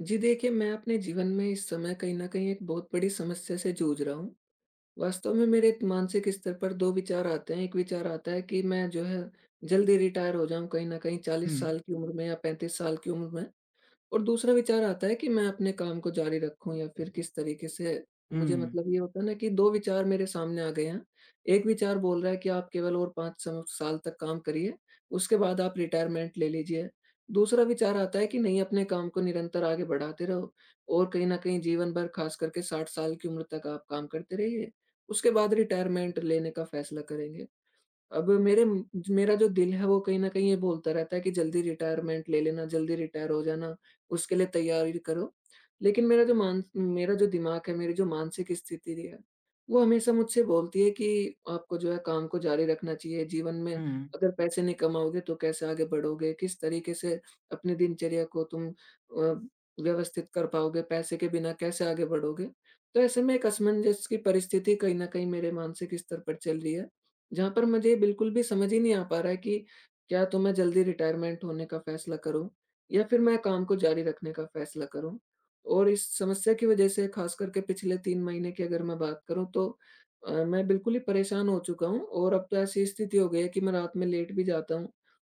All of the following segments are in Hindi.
जी देखिए, मैं अपने जीवन में इस समय कहीं न कहीं एक बहुत बड़ी समस्या से जूझ रहा हूँ। वास्तव में मेरे द मानसिक स्तर पर 2 विचार आते हैं, 1 विचार आता है कि मैं जो है जल्दी रिटायर हो जाऊँ कहीं न कहीं 40 हुँ। साल की उम्र में या 35 साल की उम्र में। और दूसरा विचार आता है कि मैं अपने काम को जारी रखूँ या फिर किस तरीके से मुझे हुँ। मतलब ये होता है ना कि 2 विचार मेरे सामने आ गए हैं, 1 विचार बोल रहा है कि आप केवल और 5 स साल तक काम करिए, उसके बाद आप रिटायरमेंट ले लीजिए। दूसरा विचार आता है कि नहीं अपने काम को निरंतर आगे बढ़ाते रहो और कहीं न कहीं जीवन भर खासकर के 60 साल की उम्र तक आप काम करते रहिए, उसके बाद रिटायरमेंट लेने का फैसला करेंगे। अब मेरे म ज मेरा जो दिल है वो कहीं न कहीं ये बोलता रहता है कि जल्दी रिटायरमेंट ले लेना, जल्दी रिटायर हो जाना, उसके लिए तैयारी करो। लेकिन मेरा जो मान उम, मेरा जो दिमाग है, मेरी जो मानसिक स्थिति रही है, वो हमेशा मुझसे बोलती है कि आपको जो है काम को जारी रखना चाहिए, जीवन में हुँ। अगर पैसे नहीं कमाओगे तो कैसे आगे बढ़ोगे? किस तरीके से अपनी दिनचर्या को तुम अ, व्यवस्थित कर पाओगे? पैसे के बिना कैसे आगे बढ़ोगे? तो ऐसे में एक असमंजस की परिस्थिति कहीं न कहीं मेरे मानसिक स्तर पर चल रही है, जहाँ पर मुझे ये बिल्कुल भी समझ ही नहीं आ पा रहा है कि, क्या तो मैं जल्दी रिटायरमेंट होने का फैसला करूँ या फिर मैं काम को जारी रखने का फैसला करूँ? और इस समस्या की वजह से खासकर के पिछले 3 महीने की अगर मैं बात करूँ तो अ, मैं बिल्कुल ही परेशान हो चुका हूँ और अब तो ऐसी स्थिति हो गई है कि मैं रात में लेट भी जाता हूँ,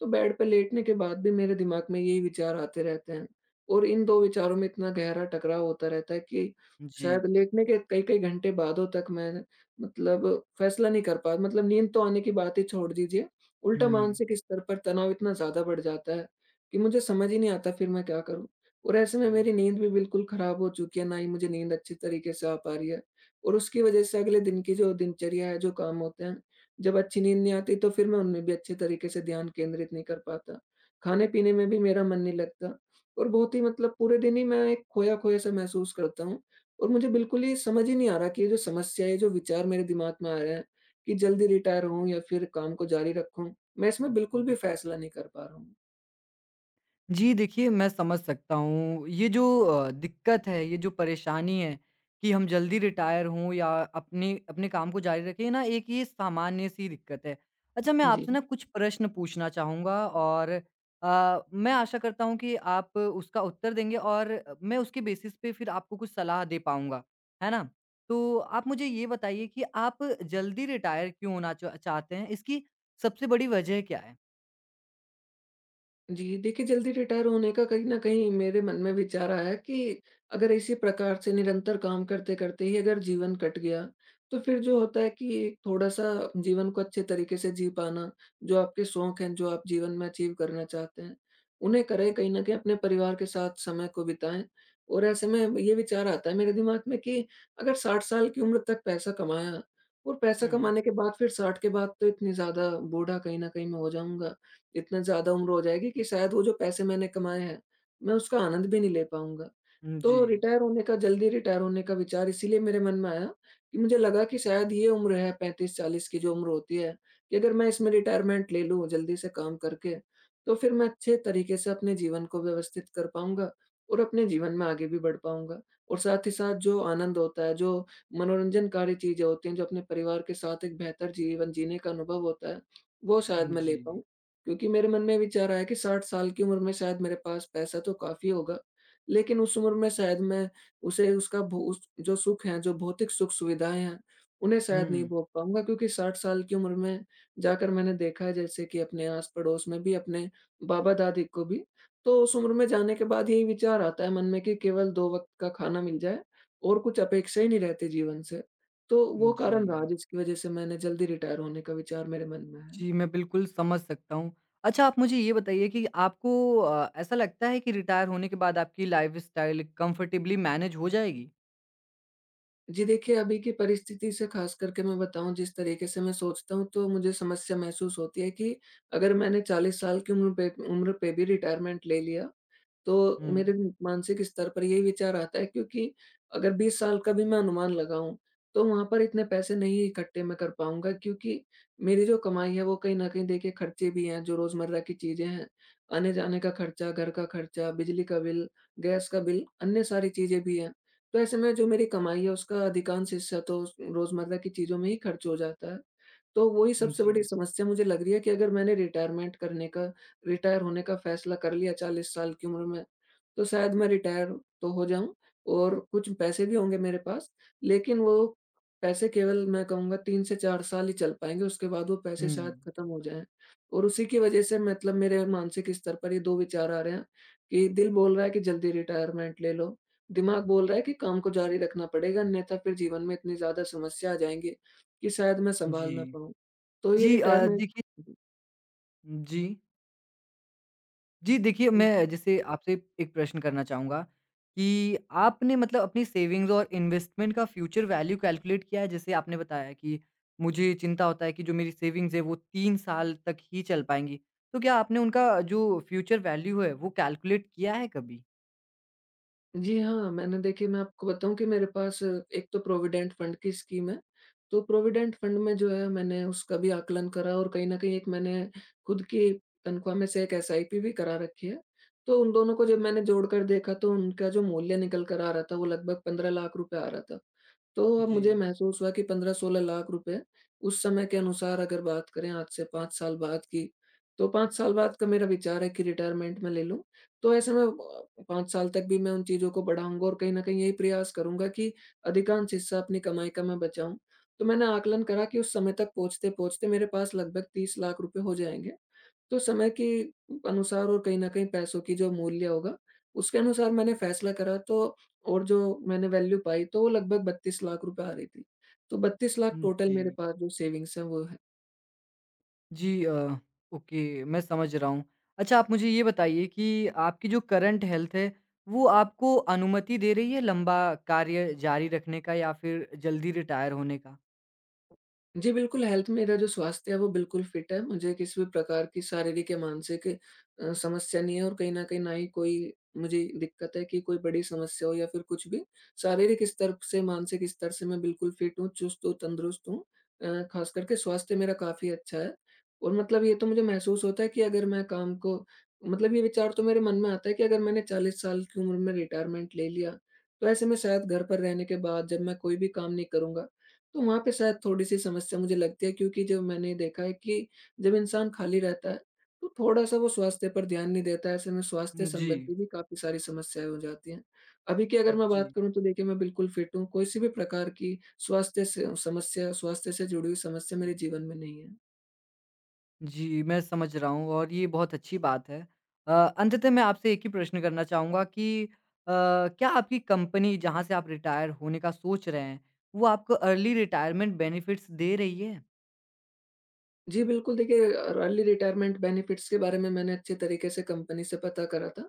तो बेड पे लेटने के बाद भी मेरे दिमाग में यही विचार आते रहते हैं। और इन 2 विचारों में इतना गहरा टकराव होता रहता है कि, जी। शायद लेटने के कई-कई घंटे बादों तक मैं मतलब फैसला नहीं कर पा मतलब नींद तो आने की बात ही छोड़ दीजिए। उल्टा हुँ। मानसिक स्तर पर तनाव इतना ज़्यादा बढ़ जाता है, कि मुझे समझ ही नहीं आता फिर मैं क्या करूँ? और ऐसे में मेरी नींद भी बिल्कुल खराब हो चुकी है, ना ही मुझे नींद अच्छी तरीके से आ पा रही है और उसकी वजह से अगले दिन की जो दिनचर्या है, जो काम होते हैं, जब अच्छी नींद नहीं आती तो फिर मैं उनमें भी अच्छे तरीके से ध्यान केंद्रित नहीं कर पाता। खाने-पीने में भी मेरा मन नहीं लगता और बहुत ही मतलब पूरे दिन ही मैं एक खोया-खोया सा महसूस करता हूँ और मुझे बिल्कुल ही समझ ही नहीं आ रहा कि ये जो समस्या है, जो विचार मेरे दिमाग में आया है, कि जल्दी रिटायर होऊँ या फिर काम को जारी रखूँ। मैं इसमें बिल्कुल भी फैसला नहीं कर पा रहा हूँ। जी देखिए, मैं समझ सकता हूँ, ये जो अ, दिक्कत है, ये जो परेशानी है, कि हम ज़ल्दी रिटायर हों या अपने अपने काम को जारी रखें ना, एक ये सामान्य-सी दिक्क़त है। अच्छा मैं आपसे जी। ना कुछ प्रश्न पूछना चाहूँगा और अ, मैं आशा करता हूँ कि आप उसका उत्तर देंगे और अ, मैं उसके बेसिस पे फिर आपको कुछ सलाह दे पाऊँगा, है ना? तो आप मुझे ये बताइए कि आप ज़ल्दी रिटायर क्यों होना चा चाहते हैं? इसकी सबसे बड़ी वज़ह क्या है? जी देखिए, ज़ल्दी रिटायर होने का कहीं न कहीं मेरे मन में विचार आया कि, अगर इसी प्रकार से निरंतर काम करते-करते ही अगर जीवन कट गया, तो फिर जो होता है कि एक थोड़ा-सा जीवन को अच्छे तरीके से जी पाना, जो आपके शौक़ हैं, जो आप जीवन में अचीव करना चाहते हैं, उन्हें करें, कहीं न कहीं अपने परिवार के साथ समय को बिताएँ। और ऐसे में ब ये विचार आता है मेरे दिमाग़ में कि अगर 60 साल की उम्र तक पैसा कमाया और पैसा हुँ, हुँ। कमाने के बाद फिर 60 के बाद तो इतनी ज़्यादा बूढ़ा कहीं न कहीं मैं हो जाऊँगा, इतना ज़्यादा उम्र हो जाएगी, कि शायद वो जो पैसे मैंने कमाएँ हैं, मैं उसका आनंद भी नहीं ले पाऊँगा। हुँ, तो जी। रिटायर होने का ज़ल्दी रिटायर होने का विचार इसीलिए मेरे मन में आया, कि मुझे लगा कि शायद ये उम्र है 35-40 की जो उम्र होती है, कि अगर मैं इसमें रिटायरमेंट ले लूँ, ज़ल्दी से काम करके, तो फिर मैं अच्छे तरीके से अपने जीवन को व्यवस्थित कर पाऊँगा और अपने जीवन में आगे भी बढ़ पाऊँगा। और साथ ही साथ जो आनंद होता है, जो मनोरंजनकारी चीजें होती हैं, जो अपने परिवार के साथ एक बेहतर जीवन जीने का अनुभव होता है, वो शायद मैं ले जी। पाऊँ, क्योंकि मेरे मन में विचार आया कि 60 साल की उम्र में शायद मेरे पास पैसा तो काफ़ी होगा, लेकिन उस उम्र में शायद मैं उसे उसका भू स जो सुख हैं, जो भौतिक सुख-सुविधाएँ हैं, उन्हें शायद नहीं हुँ। भोग पाऊँगा। क्योंकि 60 साल की उम्र में जाकर मैंने देखा है जैसे कि अपने आस-पड़ोस में भी, अपने बाबा-दादी को भी, तो उस उम्र में जाने के बाद यही विचार आता है मन में कि केवल 2 वक़्त का खाना मिल जाए और कुछ अपेक्षा ही नहीं रहती जीवन से। तो वो कारण रहा जी। जिसकी वज़ह से मैंने ज़ल्दी रिटायर होने का विचार मेरे मन में है। जी, मैं बिल्कुल समझ सकता हूँ। अच्छा, आप मुझे ये बताइए कि आपको अ, ऐसा लगता है कि रिटायर होने के बाद आपकी लाइफ़स्टाइल कम्फ़र्टेबली मैनेज हो जाएगी? जी, देखिए, अभी की परिस्थिति से ख़ासकर के मैं बताऊँ, जिस तरीक़े से मैं सोचता हूँ तो मुझे समस्या महसूस होती है कि, अगर मैंने 40 साल की उम्र पे उम्र पे भी रिटायरमेंट ले लिया, तो मेरे हुँ। मानसिक स्तर पर यही विचार आता है, क्योंकि अगर 20 साल का भी मैं अनुमान लगाऊँ, तो वहाँ पर इतने पैसे नहीं इकट्ठे मैं कर पाऊँगा, क्योंकि मेरी जो कमाई है वो कहीं न कहीं देखिए ख़र्चे भी हैं जो रोज़मर्रा की चीज़ें हैं। आने-जाने का ख़र्चा, घर का ख़र्चा, बिजली का बिल, गैस का बिल, अन्य सारी चीज़ें भी हैं, तो ऐसे में जो मेरी कमाई है उसका अधिकांश हिस्सा तो उस रोज़मर्रा की चीज़ों में ही ख़र्च हो जाता है। तो वो ही हुँ, सबसे बड़ी जी। समस्या मुझे लग रही है कि अगर मैंने रिटायरमेंट करने का रिटायर होने का फ़ैसला कर लिया 40 साल की उम्र में, तो शायद मैं रिटायर तो हो जाऊँ और कुछ पैसे भी होंगे मेरे पास। लेक़िन वो पैसे केवल मैं कहूँगा 3 से 4 साल ही चल पाएँगे, उसके बाद वो पैसे शायद हुँ। ख़त्म हो जाएँ और उसी की वजह से मतलब मेरे मानसिक स्तर पर ये 2 विचार आ रहे हैं, कि दिल बोल रहा है कि जल्दी रिटायरमेंट ले लो, दिमाग बोल रहा है कि काम को जारी रखना पड़ेगा, अन्यथा फ़िर जीवन में इतनी ज़्यादा समस्या आ जाएँगी, कि शायद मैं सँभाल ना जी। पाऊँ। तो ये जी अ, रिटायरमेंट देखिए जी। उ, जी। जी, देखिए उ मैं जैसे आपसे, एक प्रश्न करना चाहूँगा कि, आपने मतलब अपनी सेविंग्स और इन्वेस्टमेंट का फ्यूचर वैल्यू कैलकुलेट किया है। जैसे आपने बताया कि मुझे चिंता होता है कि जो मेरी सेविंग्स है, वो 3 साल तक ही चल पाएँगी। तो क्या आपने उनका जो फ्यूचर वैल्यू है, वो कैलकुलेट किया है कभी? जी हाँ, मैंने देखिए, मैं आपको बताऊँ कि मेरे पास एक तो प्रोविडेंट फण्ड की स्कीम है, तो प्रोविडेंट फण्ड में जो है मैंने उसका भी आकलन करा और कहीं न कहीं एक मैंने खुद की तनख्वाह में से 1 एसआईपी भी करा रखी है। तो उन दोनों को जब मैंने जोड़ कर देखा, तो उनका जो मूल्य निकल कर आ रहा था वो लगभग 15 लाख रुपए आ रहा था। तो उ, अब मुझे जी। महसूस हुआ कि 15-16 लाख रुपए, उस समय के अनुसार अगर बात करें आज से 5 साल बाद की, तो 5 साल बाद का मेरा विचार है कि रिटायरमेंट मैं ले लूँ। तो ऐसे में अ, 5 साल तक भी मैं उन चीज़ों को बढ़ाऊँगा और कहीं न कहीं यही प्रयास करूँगा कि अधिकांश हिस्सा अपनी कमाई का मैं बचाऊँ। तो मैंने आकलन करा कि उस समय तक पहुँचते-पहुँचते मेरे पास लगभग 30 लाख रुपए हो जाएँगे। तो समय की अनुसार और कहीं न कहीं पैसों की जो मूल्य होगा, उसके अनुसार मैंने फैसला करा तो और जो मैंने वैल्यू पाई तो वो लगभग 32 लाख रुपए आ रही थी। तो 32 लाख रुपए हुँ, टोटल मेरे जी। पास जो सेविंग्स है वो है। जी अ, ओके मैं समझ रहा हूँ। अच्छा आप मुझे ये बताइए कि आपकी जो करंट हेल्थ है वो आपको अनुमति दे रही है लंबा कार्य जारी रखने का या फ़िर जल्दी रिटायर होने का? जी बिल्कुल, हेल्थ मेरा जो स्वास्थ्य है वो बिल्कुल फिट है। मुझे किसी भी प्रकार की शारीरिक या मानसिक अ, समस्या नहीं है और कहीं न कहीं ना ही कोई मुझे दिक़्क़त है कि कोई बड़ी समस्या हो या फ़िर कुछ भी। शारीरिक स्तर से, मानसिक स्तर से मैं बिल्कुल फिट हूँ, चुस्त हूँ, तंदुरुस्त हूँ। अ, ख़ासकर के स्वास्थ्य मेरा काफ़ी अच्छा है और मतलब ये तो मुझे महसूस होता है कि अगर मैं काम को मतलब ये विचार तो मेरे मन में आता है कि अगर मैंने 40 साल की उम्र में रिटायरमेंट ले लिया तो ऐसे में शायद घर पर रहने के बाद जब मैं कोई भी काम नहीं करूँगा तो वहाँ पे शायद थोड़ी-सी समस्या मुझे लगती है क्योंकि जो मैंने देखा है कि जब इंसान खाली रहता है, तो थोड़ा-सा वो स्वास्थ्य पर ध्यान नहीं देता है। ऐसे में स्वास्थ्य जी। संबंधी भी काफ़ी सारी समस्याएँ हो जाती हैं। अभी की अगर मैं बात जी। करूँ तो देखिए मैं बिल्कुल फिट हूँ। कोई सी भी प्रकार की स्वास्थ्य से समस्या स्वास्थ्य से जुड़ी हुई समस्या मेरे जीवन में नहीं है। जी, मैं समझ रहा हूँ और ये बहुत अच्छी बात है। अ, अंततः मैं आपसे एक ही प्रश्न करना चाहूँगा कि अ, क्या आपकी कंपनी जहाँ से आप रिटायर होने का सोच रहे हैं, वो आपको अर्ली रिटायरमेंट बेनिफिट्स दे रही है? जी, बिल्कुल, देखिए अ, र अर्ली रिटायरमेंट बेनेफिट्स के बारे में मैंने अच्छे तरीके से कंपनी से पता करा था।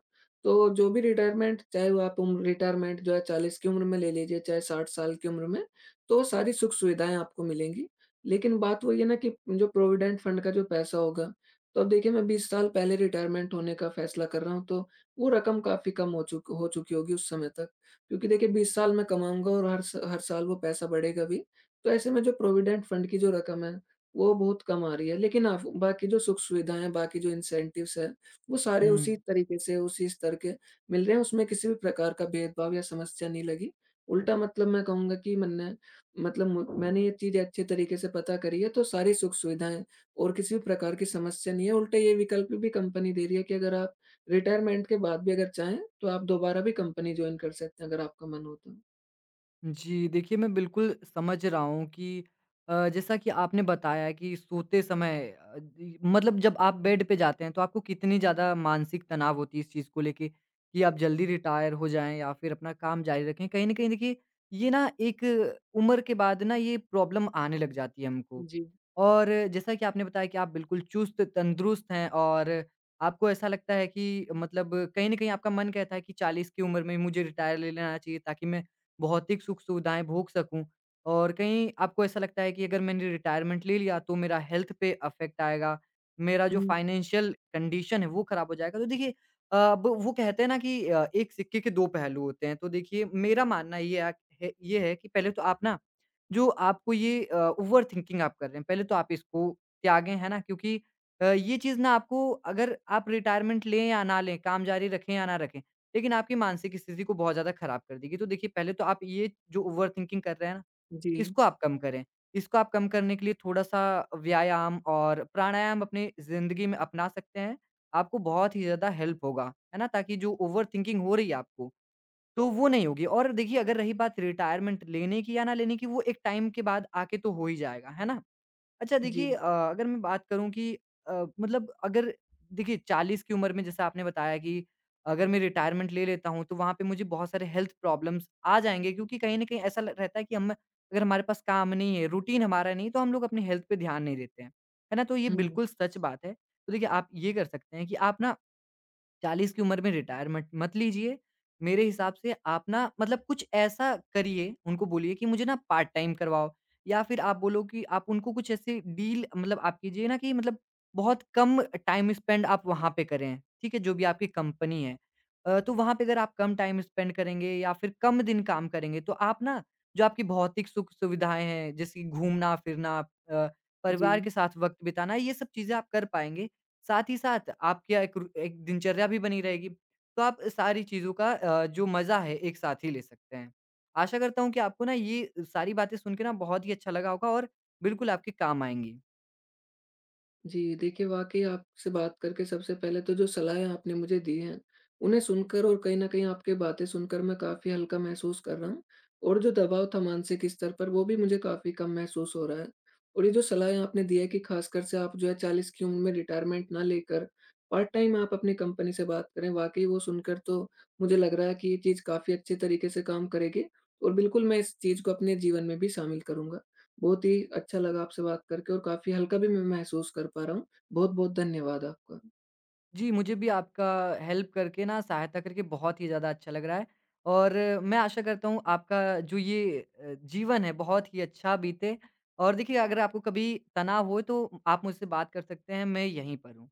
तो जो भी रिटायरमेंट चाहे वो आप उम, रिटायरमेंट जो है 40 की उम्र में ले लीजिए, चाहे 60 साल की उम्र में, तो सारी सुख-सुविधाएँ आपको मिलेंगी। लेकिन बात वही है ना, कि जो प्रोविडेंट फण्ड का जो पैसा होगा, तो अब देखिए मैं 20 साल पहले रिटायरमेंट होने का फैसला कर रहा हूँ, तो वो रकम काफ़ी कम हो चूक हो चुकी होगी उस समय तक। क्योंकि देखिए, 20 साल मैं कमाऊँगा और हर स हर साल वो पैसा बढ़ेगा भी, तो ऐसे में जो प्रोविडेंट फण्ड की जो रकम है, वो बहुत कम आ रही है। लेकिन आफ़ बाकी जो सुख-सुविधाएँ हैं, बाकी जो इंसेंटिव्स हैं, वो सारे उसी हुँ। तरीके से, उसी स्तर के मिल रहे हैं, उसमें किसी भी प्रकार का भेदभाव या समस्या नहीं लगी। उल्टा मतलब मैं कहूँगा कि मन्ने मतलब म मैंने ये चीज़ें अच्छे तरीके से पता करी है, तो सारी सुख-सुविधाएँ और किसी भी प्रकार की समस्या नहीं है। उल्टा ये विकल्प भी कंपनी दे रही है कि अगर आप रिटायरमेंट के बाद भी अगर चाहें, तो आप दोबारा भी कंपनी जॉइन कर सकते हैं अगर आपका मन हो तो। जी, देखिए मैं बिल्कुल समझ रहा हूँ कि अ, जैसा कि आपने बताया कि सोते समय अ, दी मतलब जब आप बेड पे जाते हैं तो आपको कितनी ज़्यादा मानसिक तनाव होती है इस चीज को लेके, कि आप जल्दी रिटायर हो जाएँ या फिर अपना काम ज़ारी रखें, कहीं न कहीं देखिए, ये ना एक उम्र के बाद ना ये प्रॉब्लम आने लग जाती है हमको। जी। और जैसा कि आपने बताया कि आप बिल्कुल चुस्त-तंदुरुस्त हैं और आपको ऐसा लगता है कि मतलब कहीं न कहीं आपका मन कहता है कि 40 की उम्र में मुझे रिटायर ले लेना चाहिए ताकि मैं भौतिक सुख-सुविधाएँ भोग सकूँ। और कहीं आपको ऐसा लगता है कि अगर मैंने रिटायरमेंट ले लिया, तो मेरा हेल्थ पे अफेक्ट आएगा, मेरा जो हुँ। फाइनेंशियल कंडीशन है वो खराब हो जाएगा। तो देखिए अ, ब वो कहते हैं ना कि अ, एक सिक्के के दो पहलू होते हैं, तो देखिए मेरा मानना ये अ क है ये है कि पहले तो आप ना, जो आपको ये अ, ओवरथिंकिंग आप कर रहे हैं, पहले तो आप इसको त्यागें, हैं ना? क्योंकि अ, ये चीज़ ना आपको अगर आप रिटायरमेंट लें या ना लें, काम जारी रखें या ना रखें, लेकिन आपकी मानसिक स्थिति को बहुत ज़्यादा खराब कर देगी। तो देखिए पहले तो आप ये जो ओवरथिंकिंग कर रहे हैं ना, जी। इसको आप कम करें, इसको आप कम करने के लिए थोड़ा-सा व्यायाम और प्राणायाम अपनी ज़िंदगी में अपना सकते हैं। आपको बहुत ही ज़्यादा हेल्प होगा, है ना? ताकि जो ओवरथिंकिंग हो रही है आपको, तो वो नहीं होगी और देखिए अगर रही बात रिटायरमेंट लेने की या ना लेने की, वो एक टाइम के बाद आके तो हो ही जाएगा, है ना? अच्छा देखिए जी। अ, अगर मैं बात करूँ कि अ, मतलब अगर देखिए 40 की उम्र में जैसा आपने बताया कि अगर मैं रिटायरमेंट ले लेता हूँ, तो वहाँ पे मुझे बहुत सारे हेल्थ प्रॉब्लम्स आ जाएँगे क्योंकि कहीं न कहीं ऐसा ल रहता है कि अम, अगर हमारे पास काम नहीं है, रूटीन हमारा नहीं हैं, तो हम लोग अपनी हेल्थ पर ध्यान नहीं देते हैं, है ना? तो ये हुँ। बिल्कुल सच बात है। तो देखिए, आप ये कर सकते हैं कि आप ना, 40 की उम्र में रिटायरमेंट मत लीजिए, मेरे हिसाब से आप ना मतलब कुछ ऐसा करिए, उनको बोलिए कि मुझे ना पार्ट-टाइम करवाओ या फिर आप बोलो कि आप उनको कुछ ऐसी डील मतलब आप कीजिए ना, कि मतलब बहुत कम टाइम स्पेंड आप वहाँ पे करें, ठीक है? जो भी आपकी कंपनी है। अ, तो वहाँ पे अगर आप कम टाइम स्पेंड करेंगे या फिर कम दिन काम करेंगे, तो आप ना जो आपकी भौतिक सुख-सुविधाएँ हैं, जैसे कि घूमना-फिरना अ, परिवार जी। के साथ वक़्त बिताना, ये सब चीज़ें आप कर पाएँगे। साथ ही साथ आपकी क्या एक रू एक दिनचर्या भी बनी रहेगी, तो आप अ, सारी चीज़ों का अ, जो मज़ा है एक साथ ही ले सकते हैं। आशा करता हूँ कि आपको ना ये सारी बातें सुनके ना बहुत ही अच्छा लगा होगा और बिल्कुल आपके काम आएँगी। जी, देखिए वाक़ई आपसे बात करके सबसे पहले तो जो सलाहें आपने मुझे दी हैं, उन्हें सुनकर और कहीं न कहीं आपकी बातें सुनकर मैं काफ़ी हल्का महसूस कर रहा हूँ और जो दबाव था मानसिक स्तर पर वो भी मुझे काफ़ी कम महसूस हो रहा है। और ये जो सलाहें आपने दी हैं कि खासकर से आप जो है 40 की उम्र में रिटायरमेंट ना लेकर, पार्ट-टाइम आप अपनी कंपनी से बात करें। वाक़ई वो सुनकर तो मुझे लग रहा है कि ये चीज़ काफ़ी अच्छी तरीके से काम करेगी और बिल्कुल मैं इस चीज़ को अपने जीवन में भी शामिल करूँगा। बहुत ही अच्छा लगा आपसे बात करके और काफ़ी हल्का भी मैं महसूस कर पा रहा हूँ, बहुत-बहुत धन्यवाद आपका। जी, मुझे भी आपका हेल्प करके ना, सहायता करके बहुत ही ज़्यादा अच्छा लग रहा है और मैं आशा करता हूँ, आपका जो ये अ, जीवन है बहुत ही अच्छा बीते। और देखिए अगर आपको कभी तनाव हो, तो आप मुझसे बात कर सकते हैं, मैं यहीं पर हूँ।